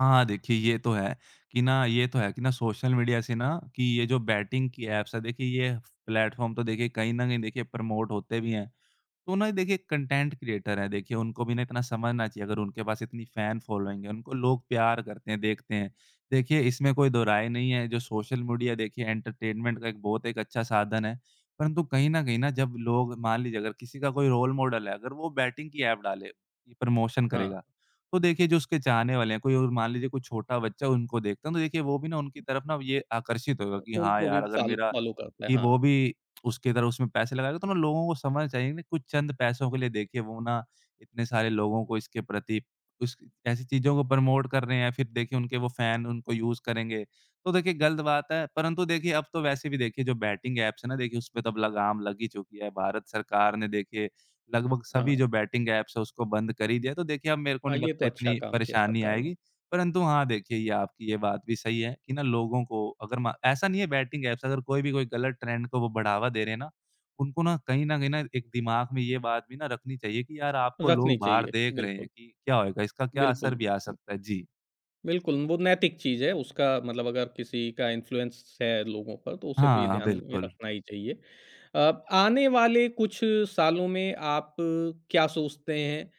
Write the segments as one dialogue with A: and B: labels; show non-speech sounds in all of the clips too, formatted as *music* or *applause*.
A: हाँ, देखिए ये तो है कि ना ये तो है कि ना सोशल मीडिया से ना कि ये जो बैटिंग की ऐप्स है, देखिए ये प्लेटफॉर्म तो देखिए कहीं न कहीं देखिए प्रमोट होते भी हैं। तो ना देखिए कंटेंट क्रिएटर है, देखिए उनको भी ना इतना समझना चाहिए अगर उनके पास इतनी फैन फॉलोइंग है, उनको लोग प्यार करते हैं, देखते हैं। देखिए, इसमें कोई दोराहे नहीं है जो सोशल मीडिया देखिए एंटरटेनमेंट का एक बहुत एक अच्छा साधन है, परंतु कहीं न कहीं ना जब लोग मान लीजिए अगर किसी का कोई रोल मॉडल है, अगर वो बैटिंग की एप डाले, प्रमोशन
B: हाँ।
A: करेगा, तो देखिए जो उसके चाहने वाले हैं, कोई ओर मान लीजिए कोई छोटा बच्चा उनको देखता है, तो देखिए वो भी ना उनकी तरफ़ ना ये आकर्षित होगा कि हाँ,
B: उनको भी
A: यार अगर
B: फॉल
A: मेरा
B: फॉलो करते हैं,
A: कि वो
B: हाँ।
A: भी उसकी तरह उसमें पैसे लगाएगा। तो ना लोगों को समझना चाहिए ना कुछ चंद पैसों के लिए देखिए वो ना इतने सारे लोगों को इसके प्रति कुछ ऐसी चीज़ों को प्रमोट कर रहे हैं या फिर देखिए उनके वो फैन उनको यूज़ करेंगे। तो देखिए गलत बात है परंतु देखिए अब तो वैसे भी देखिए जो बैटिंग ऐप्स है ना देखिए उसपे तो अब लग़ाम लग ही चुकी है। भारत सरकार ने देखिए लगभग सभी
B: हाँ।
A: जो बैटिंग ऐप्स है उसको बंद कर ही दिया है। तो देखिए अब मेरे को
B: हाँ,
A: नहीं
B: ये तो
A: लगता
B: अच्छा
A: इतनी
B: काम किया
A: परेशानी
B: सरकार ने।
A: आएगी। परंतु हाँ, देखिए ये आपकी ये बात भी सही है कि ना लोगों को अगर मा ऐसा नहीं है बैटिंग ऐप्स अगर कोई भी कोई गलत ट्रेंड को बढ़ावा दे रहे हैं ना, उनको ना कहीं न कहीं एक दिमाग में ये बात भी ना रखनी चाहिए कि यार आपको
B: रखनी
A: लोग बाहर
B: चाहिए,
A: देख रहे हैं
B: बिल्कुल।
A: कि क्या होएगा? इसका क्या असर
B: बिल्कुल।
A: भी आ सकता है? जी।
B: बिल्कुल, वो नैतिक चीज़ है, उसका मतलब अगर किसी का इन्फ्लुएंस है लोगों पर तो उसे तो ये
A: हाँ
B: ध्यान में
A: बिल्कुल।
B: रखना ही चाहिए। अ, आने वाले कुछ सालों में आप क्या सोचते हैं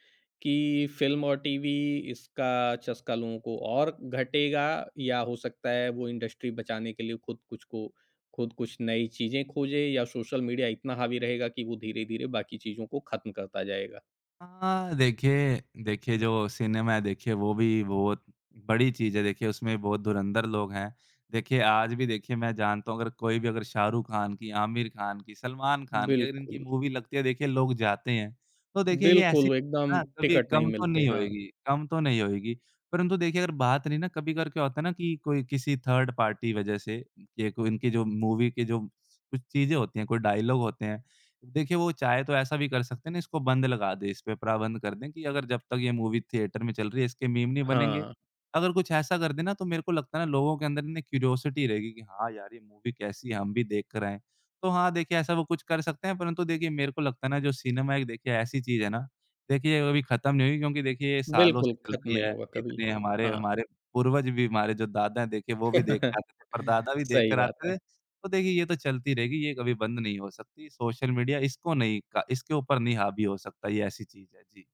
B: कि फ़िल्म और टीवी इसका चस्का लोगों को और घटेगा या हो सकता है वो इंडस्ट्री बचाने के लिए खुद कुछ को खुद कुछ नई चीज़ें खोजें या सोशल मीडिया इतना हावी रहेगा कि वो धीरे-धीरे बाकी चीज़ों को खत्म करता जाएगा?
A: हाँ, देखिए देखिए जो सिनेमा है देखिए वो भी बहुत बड़ी चीज़ है, देखिए उसमें भी बहुत धुरंधर लोग हैं। देखिए आज भी देखिए मैं जानता हूँ अगर कोई भी अगर शाहरुख ख़ान की, आमिर ख़ान की, सलमान ख़ान की अगर इनकी
B: बिल्कुल।
A: मूवी लगती है, देखिए लोग जाते हैं। तो देखिए ये ऐसी
B: बिल्कुल,
A: है
B: एकदम
A: ना कभी
B: टिकट नहीं
A: कम तो
B: मिलते।
A: नहीं
B: हाँ।
A: होएगी कम तो नहीं होएगी। परंतु देखिए अगर बात रहीं ना कभी-कभार क्या होता है ना कि कोई किसी थर्ड पार्टी वज़ह से, ये को इनकी जो मूवी के जो कुछ चीज़ें होती हैं, कोई डायलॉग होते हैं देखिए वो चाहे तो ऐसा भी कर सकते हैं ना इसको बंद लगा दे, इसपे प्राबंध कर दें कि अगर जब तक ये मूवी थिएटर में चल रही है, इसके मीम नहीं बनेंगे।
B: हाँ।
A: अगर कुछ ऐसा कर दे ना तो मेरे को लगता है ना लोगों के अंदर क्यूरियोसिटी रहेगी कि हाँ, यार ये मूवी कैसी है, हम भी देख कर आए। तो हाँ, देखिए ऐसा वो कुछ कर सकते हैं परंतु देखिए मेरे को लगता है ना जो सिनेमा है देखिए ऐसी चीज़ है ना, देखिए अभी ख़त्म नहीं हुई क्योंकि देखिए ये सालों
B: बिल्कुल,
A: से चल
B: ख़त्म
A: रही
B: नहीं
A: है।
B: होगा कभी।
A: इतने हमारे
B: हाँ।
A: हमारे पूर्वज भी, हमारे जो दादा हैं देखिए वो भी देख के
B: *chuckles*
A: आते थे, परदादा भी देख
B: सही
A: कर
B: बात
A: आते थे।
B: है।
A: तो देखिए ये तो चलती रहेगी, ये कभी बंद नहीं हो सकती, सोशल मीडिया इसको नहीं का इसके ऊपर नहीं हावी हो सकता, ये ऐसी चीज़ है। जी।